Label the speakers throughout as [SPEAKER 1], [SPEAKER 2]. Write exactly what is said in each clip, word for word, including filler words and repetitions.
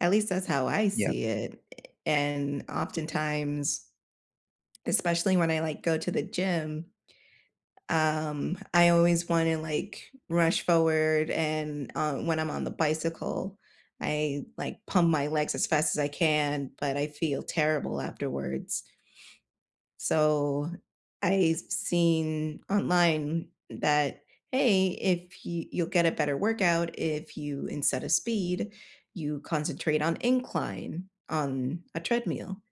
[SPEAKER 1] At least that's how I
[SPEAKER 2] Yeah.
[SPEAKER 1] see it, a and oftentimes especially when I like go to the gym, um, I always want to like, rush forward, and, uh, when I'm on the bicycle, I like pump my legs as fast as I can, but I feel terrible afterwards. So I've seen online that, "Hey, if you you'll get a better workout, if you- instead of speed- you concentrate on incline on a treadmill.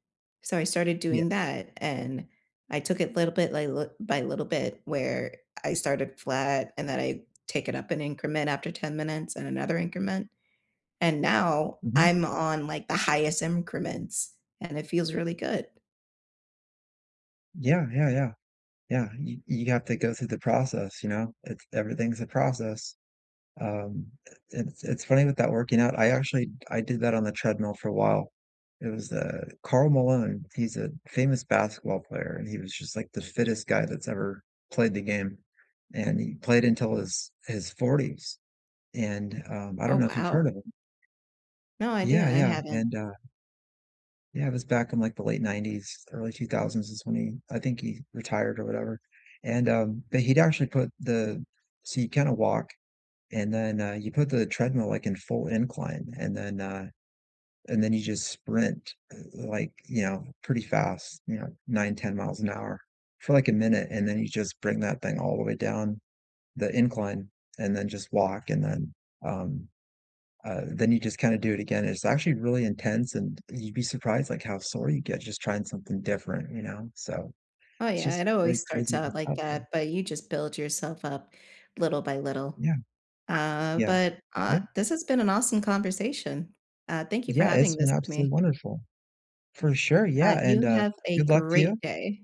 [SPEAKER 1] So I started
[SPEAKER 2] Yeah.
[SPEAKER 1] doing that, and I took it a little bit by li by little bit where I started flat, and then I take it up an increment after ten minutes and another increment, and now
[SPEAKER 2] Mhm.
[SPEAKER 1] I'm on, like, the highest increments, and it feels really good.
[SPEAKER 2] Yeah, yeah, yeah, yeah, you you have to go through the process, you know? It's everything's a process. Um, i it's it's funny with that working out, I actually I did that on the treadmill for a while. It was the Karl Malone, he's a famous basketball player and he was just like the fittest guy that's ever played the game, and he played until his his forties, and, um I don't
[SPEAKER 1] Oh,
[SPEAKER 2] know if you've heard
[SPEAKER 1] wow.
[SPEAKER 2] of him.
[SPEAKER 1] No, I
[SPEAKER 2] Yeah,
[SPEAKER 1] didn't I
[SPEAKER 2] yeah,
[SPEAKER 1] haven't.
[SPEAKER 2] and, uh yeah it was back in the late nineties, early two thousands is when he I think he retired or whatever, and, um but he'd actually put the so you kinda walk and then, uh, you put the treadmill, like, in full incline, and then, uh, and then you just sprint, like, you know, pretty fast, you know, nine, ten miles an hour for like a minute, and then you just bring that thing all the way down- the incline- and then just walk, and then, um, uh, then you just kinda do it again. It's actually really intense and you'd be surprised like how sore you get just trying something different, you know, so
[SPEAKER 1] Oh
[SPEAKER 2] it's
[SPEAKER 1] yeah
[SPEAKER 2] just
[SPEAKER 1] it
[SPEAKER 2] really
[SPEAKER 1] always starts
[SPEAKER 2] crazy.
[SPEAKER 1] out like
[SPEAKER 2] [unintelligible]
[SPEAKER 1] that, but you just build yourself up little by little.
[SPEAKER 2] Yeah,
[SPEAKER 1] Uh,
[SPEAKER 2] yeah,
[SPEAKER 1] but,
[SPEAKER 2] yep.
[SPEAKER 1] ah This has been an awesome conversation, uh, thank you for
[SPEAKER 2] Yeah,
[SPEAKER 1] having
[SPEAKER 2] it's been
[SPEAKER 1] this with me.
[SPEAKER 2] absolutely wonderful. For sure, yeah
[SPEAKER 1] Right.
[SPEAKER 2] and,
[SPEAKER 1] You
[SPEAKER 2] uh,
[SPEAKER 1] have a
[SPEAKER 2] good luck to
[SPEAKER 1] great
[SPEAKER 2] you.
[SPEAKER 1] day.